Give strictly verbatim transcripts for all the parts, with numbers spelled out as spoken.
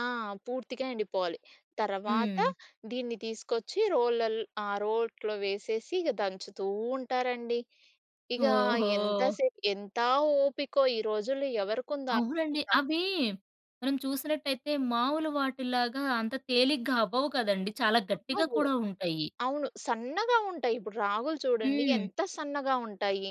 ఆ! పూర్తిగా ఎండిపోవాలి. తర్వాత హ్మ్. దీన్ని తీసుకొచ్చి రోళ్ళల్ ఆ! రోట్లో వేసేసి ఇగ దంచుతూ ఉంటారండి. ఇగా ఎంత ఓహో! సే ఎంతా ఓపికో, ఈ రోజుల్లో ఎవరికుందా అవునండి. ఓపిక? అవీ మనం చూసినట్టయితే మావులు వాటిల్లాగా అంత తేలిగ్గా అవ్వవు కదండీ. చాలా అహా! గట్టిగా ఓ కూడా ఉంటయ్యి. అవును. సన్నగా ఉంటాయి. ఇప్పుడు రాగులు చూడండి, హ్మ్. ఎంత సన్నగా ఉంటాయి.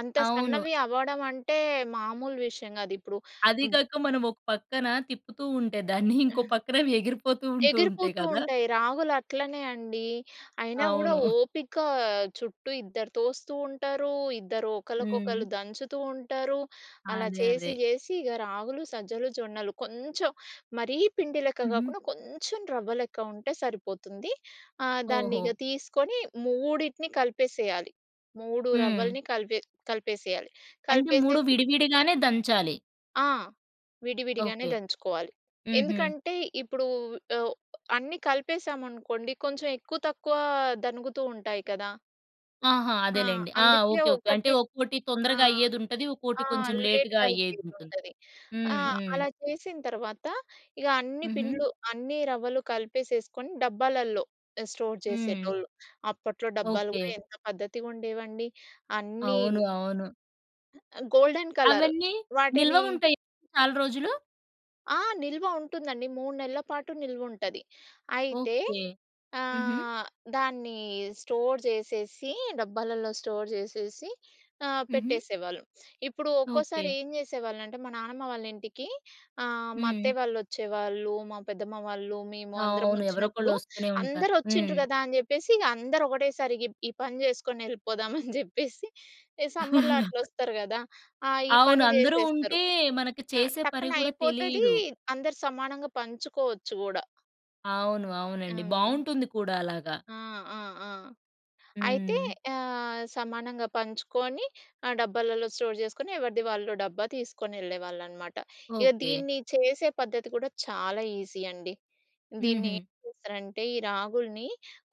అంత అవును. సన్నవి అవ్వడం అంటే మామూలు విషయం గాదు ఇప్పుడు అదీ బ్ కాక, మనం ఒక పక్కన తిప్పుతూ ఉంటే దాన్ని, ఇంకో ఆ! పక్కనవి ఎగిరిపోతూ ఉంటూ ఉంటాయి ఎగిరిపోతూ కదా! ఉంటాయి. రాగులు అట్లనే అండీ. అయినా గూడా అవును. ఓపికా, చుట్టూ ఇద్దరు తోస్తూ ఉంటారూ, ఇద్దరు ఒకళ్ళకొకళ్ళు హ్మ్. దంచుతూ ఉంటారు. అలా అదే, అదే. చేసి జేసి ఇగ రాగులు, సజ్జలు, జొన్నలు, కొంచం మరీ పిండి లెక్క హుహు. గాకుండా, కొంచం రవ్వ లెక్క ఉంటే సరిపోతుంది. ఆహ్, దాన్నిగ ఓహో! తీసుకొని మూడిటిని కలిపేసెయ్యాలి. మూడు హ్మ్. రవ్వలని కలిపే కలిపేసెయ్యాలి. అంటే, మూడు కలిపేసేసి విడివిడిగానే దంచాలి. ఆ! విడివిడిగానే ఓకే. దంచుకోవాలి. హుహు. ఎందుకంటే, ఇప్పుడూ ఒ అన్నీ కలిపేశసామనుకోండి, కొంచెం ఎక్కువ తక్కువా దణుగుతూ ఉంటాయి కదా1 ఆహా! ఆ! అదేలెండి. ఆ! అందుకే ఓకే. ఓకే. అంటే ఒకటి ఒక్కోటి ఆ! తొందరగా అయ్యేదుంటది. ఒక్కోటి ఆ! కొంచెం లేటుగా లేట్‌గా అయ్యేదుంటుంది. అయ్యేదుంటది. ఆ! హ్మ్. హ్మ్. అలా చేసిన తర్వాత, ఇగ అన్ని హుహు. పిండ్లు అన్ని రవ్వలు కలిపేసేసుకొని డబ్బాలల్లో ఆహ్, స్టోర్ హ్మ్. చేసేటోళ్ళు. అప్పట్లో డబ్బాలు ఓకే. గూడా ఎంత పద్ధతిగుండేవండి. అన్నీ అవును. అవును. ఆహ్, గోల్డెన్ కలర్. అవన్నీ నిల్వ వాటినీ ఉంటాయా చాలా రోజులు? ఆ! నిల్వ ఉంటుందండి. మూడు నెల్ల పాటు నిల్వుంటది. అయితే, ఓకే. హుహు. ఆహ్, దాన్నీ స్టోర్ జేసేసి, డబ్బాలల్లో స్టోర్ జేసేసి ఆహ్, హుహు. పెట్టేసేవాళ్ళం. ఇప్పుడు ఓకే. ఒక్కోసారి ఏం చేసేవాళ్ళంటే, మా నానమ్మ వాళ్ళ ఇంటికి ఆహ్, మా హ్మ్. అత్తయ్య వాళ్ళొచ్చేవాళ్ళు, మా పెద్దమ్మ వాళ్ళు, మేము అందరము అవును. ఒచ్చినప్పుడు, ఎవరోకళ్ళొస్తూనే ఉంటా. అందరూ ఒచ్చిండ్రు హ్మ్. గదా అని చెప్పేసిగ అందరు ఒకటేసారి గ్ ఈ పని చేసుకొనెళ్ళిపోదామని జెప్పేసి, ఎ సమ్మర్‌లో అట్లొస్తారు గదా! ఆ! ఈ అవును. పని అందరూ జేసేస్తరు. ఉంటే, మనకి ఆ! చేసే పరి టక్కన గూడా అయిపోతదీ, తెలీదు. అందరు సమానంగా పంచుకోవచ్చు గూడా. అవును. అవునండి. హ్మ్. బావుంటుంది కూడా అలాగా. ఆ! ఆ! ఆ! అయితే, హ్మ్. ఆహ్, సమానంగా పంచుకోని, ఆ డబ్బాలలో స్టోర్ జేసుకొని, ఎవరిది వాళ్ళు డబ్బా తీసుకొనెళ్ళేవాళ్ళనమాట. ఇగ ఓకే. దీన్ని చేసే పద్ధతి కూడా చాలా ఈజీ అండి. దీన్ని హుహు. ఏం చేస్తారంటే, ఈ రాగులుని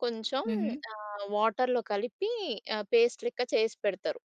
కొంచం హుహు. ఆహ్, వాటర్‌లో కలిపి ఆహ్, పేస్ట్ లెక్క చేసి పెడతారు.